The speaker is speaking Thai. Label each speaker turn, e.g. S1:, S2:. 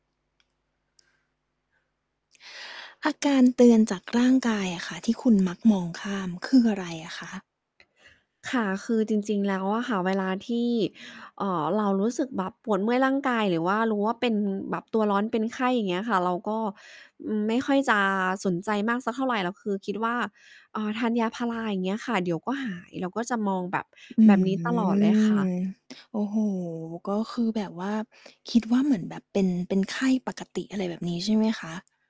S1: อาการเตือนจากร่างกายอะค่ะที่คุณมักมองข้าม คืออะไรอะคะ?
S2: ค่ะ คือจริง ๆ แล้วอะค่ะ เวลาที่ เอ่อ เรารู้สึกแบบปวดเมื่อยร่างกาย หรือว่ารู้ว่าเป็นแบบตัวร้อนเป็นไข้ อย่างเงี้ยค่ะ เราก็ อืม ไม่ค่อยจะ สนใจมากสักเท่าไร เราคือคิดว่า เอ่อ ทานยาพารา อย่างเงี้ยค่ะ เดี๋ยวก็หาย แล้วก็จะมองแบบ
S1: อื
S2: แบบนี้ต
S1: ม
S2: ลอดเลยค่ะ
S1: โอ้โฮ ก็คือแบบว่าคิดว่า เหมือนแบบเป็น เป็นไข้ปกติ อะไรแบบนี้ใช่ไหมคะ?